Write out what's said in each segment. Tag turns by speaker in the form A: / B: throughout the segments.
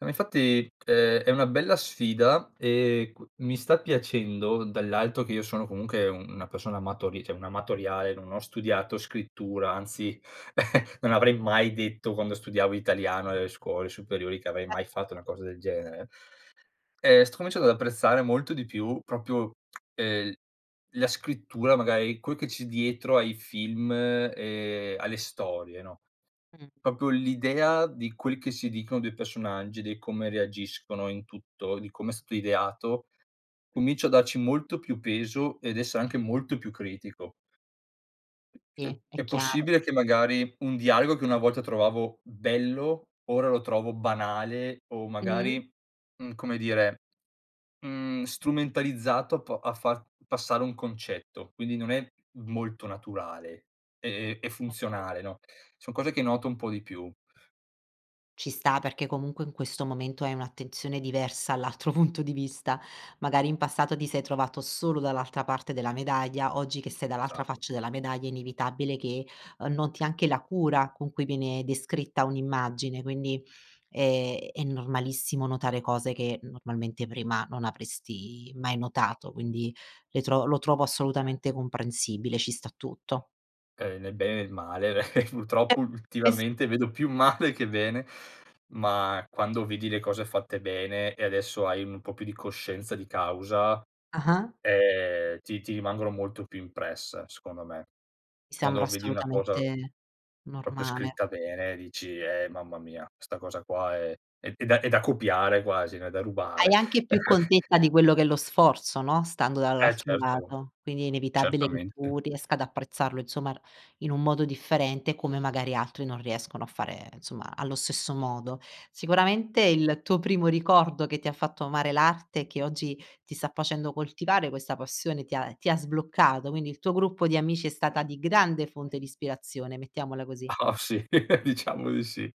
A: No, ma infatti è è una bella sfida e q mi sta piacendo, dall'alto che io sono comunque una persona amatori cioè, un amatoriale, non ho studiato scrittura, anzi non avrei mai detto, quando studiavo italiano nelle scuole superiori, che avrei mai fatto una cosa del genere, uhm, sto cominciando ad apprezzare molto di più, proprio, ehm, la scrittura, magari, quel che c'è dietro ai film e alle storie, no,
B: Mh.
A: proprio l'idea di quel che si dicono dei personaggi, di come reagiscono in tutto, di come è stato ideato. Comincio a darci molto più peso ed essere anche molto più critico. Uhm,
B: Sì, è
A: è
B: chiaro.
A: possibile che, magari, un dialogo che una volta trovavo bello, ora lo trovo banale o
B: Mh.
A: magari, mhmm, come dire, mhmm, strumentalizzato po a far passare un concetto. Quindi, non è molto naturale e e
B: [unintelligible]
A: funzionale, no, son cose che noto un po' di più.
B: Ci sta, perché comunque in questo momento hai un'attenzione diversa all'altro punto di vista. Magari, in passato, ti sei trovato solo dall'altra parte della medaglia, oggi che sei dall'altra
A: Esatto.
B: faccia della medaglia, è inevitabile che noti anche la cura con cui viene descritta un'immagine, quindi è è normalissimo notare cose che normalmente prima non avresti mai notato, quindi le tro lo trovo assolutamente comprensibile, ci sta tutto.
A: Ehm, nel bene e il male.
B: E
A: Purtroppo,
B: e s
A: ultimamente, vedo più male che bene, ma quando vedi le cose fatte bene, e adesso hai un po' più di coscienza di causa,
B: Ah-ah.
A: ehm, ti ti rimangono molto più impresse, secondo me.
B: Mi sembra
A: Quando vedi una cosa
B: assolutamente
A: proprio
B: normale.
A: scritta bene, dici: "Eh, mamma mia, 'sta cosa qua, è è da è da copiare quasi, no, è da rubare."
B: Hai anche più contezza di quello che è lo sforzo, no, stando
A: Eh,
B: dall'altro
A: certo.
B: lato, quindi è inevitabile che
A: Certamente.
B: tu riesca ad apprezzarlo, insomma, r in un modo differente, come magari, altri non riescono a fare, insomma, allo stesso modo. Sicuramente, il tuo primo ricordo, che ti ha fatto amare l'arte, e che oggi ti sta facendo coltivare questa passione, ti ha ti ha sbloccato, quindi il tuo gruppo di amici è stata di grande fonte di ispirazione, mettiamola così.
A: Oh sì, diciamo di sì.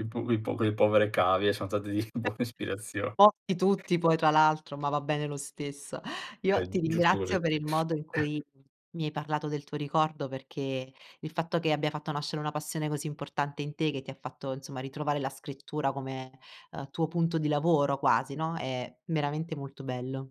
A: I pu i po le povere cavie son state di buona ispirazio
B: [unintelligible] tutti, poi, tra l'altro, ma va bene lo stesso.
A: È
B: Io
A: g
B: ti
A: giusto così.
B: ringrazio per il modo in cui mi hai parlato del tuo ricordo, perché, il fatto che abbia fatto nascere una passione così importante in te, che ti ha fatto, insomma, ritrovare la scrittura come, uhm, tuo punto di lavoro quasi, no, è veramente molto bello.